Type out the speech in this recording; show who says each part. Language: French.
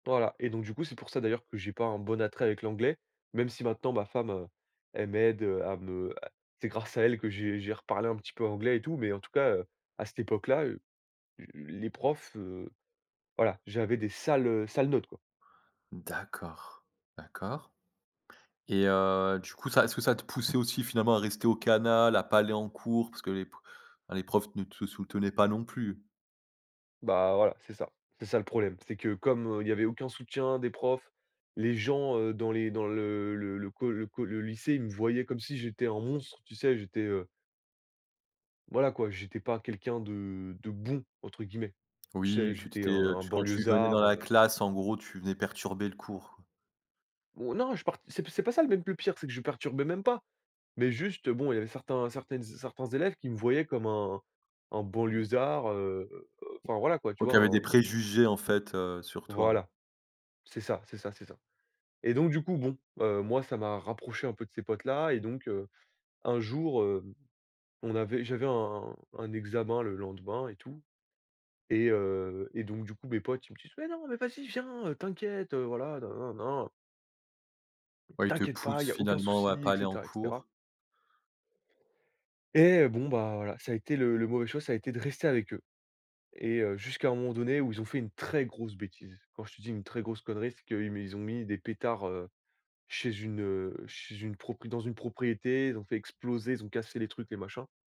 Speaker 1: Voilà et donc, du coup, c'est pour ça d'ailleurs que j'ai pas un bon attrait avec l'anglais, même si maintenant ma femme, heu, elle m'aide, heu, à me c'est grâce à elle que j'ai j'ai reparlé un petit peu anglais et tout, mais en tout cas, heu, à cette époque là, l les profs, heu, voilà, j'avais des sales, heu, sales notes, quoi.
Speaker 2: D'accord, d'accord. Et heu, du coup, ça est-ce que ça te poussait aussi finalement à rester au canal, à pas aller en cours, parce que les pr bah, les profs ne te soutenaient pas non plus?
Speaker 1: Bah, voilà, c'est ça, c'est ça le problème. C'est que comme il y avait aucun soutien des profs, les gens, heu, dans les dans le le le co le co le lycée, ils me voyaient comme si j'étais un monstre, tu sais, j'étais, heu voilà quoi, j'étais pas quelqu'un de de «bon», entre guillemets. Tu sais,
Speaker 2: Oui, que tu
Speaker 1: j'étais
Speaker 2: étais,
Speaker 1: un
Speaker 2: heu,
Speaker 1: un
Speaker 2: tu quand tu venais dans
Speaker 1: banlieusard,
Speaker 2: la
Speaker 1: heu.
Speaker 2: classe, en gros, tu venais perturber le cours, quoi?
Speaker 1: Ou non, je part c'est p c'est pas ça l même le pire, c'est que je perturbais même pas. Mais juste, bon, il y avait certains certaines z certains élèves qui me voyaient comme un un banlieusard, heu, enfin, voilà, quoi, tu
Speaker 2: Ouais,
Speaker 1: vois
Speaker 2: qui avaient
Speaker 1: un
Speaker 2: des préjugés, en fait, heu, sur toi.
Speaker 1: Voilà, c'est ça, c'est ça, c'est ça. Et donc, du coup, bon, heu, moi, ça m'a rapproché un peu de ces potes là, et donc, heu, un jour, heu, on avait j'avais un un examen le lendemain et tout et heu, et donc, du coup, mes potes, ils me disent: «Mais non, mais vas-y, viens, heu, t'inquiète, voilà, nin, nin, nin
Speaker 2: Ouais, ils te
Speaker 1: t'inquiète pas,
Speaker 2: poussent
Speaker 1: il y a aucun
Speaker 2: finalement, ouais, à
Speaker 1: souci»
Speaker 2: pas
Speaker 1: et
Speaker 2: aller en
Speaker 1: cetera, et cetera.
Speaker 2: cours.
Speaker 1: Et heu, bon, bah, voilà, ça a été le le mauvais choix, ça a été de rester avec eux. Et heu, jusqu'à un moment donné où ils ont fait une très grosse bêtise. Quand je te dis une très grosse connerie, c'est qu'ils mis ils ont mis des pétards, heu, chez une, heu, chez une prop dans une propriété, ils ont fait exploser, ils ont cassé les trucs, les machins.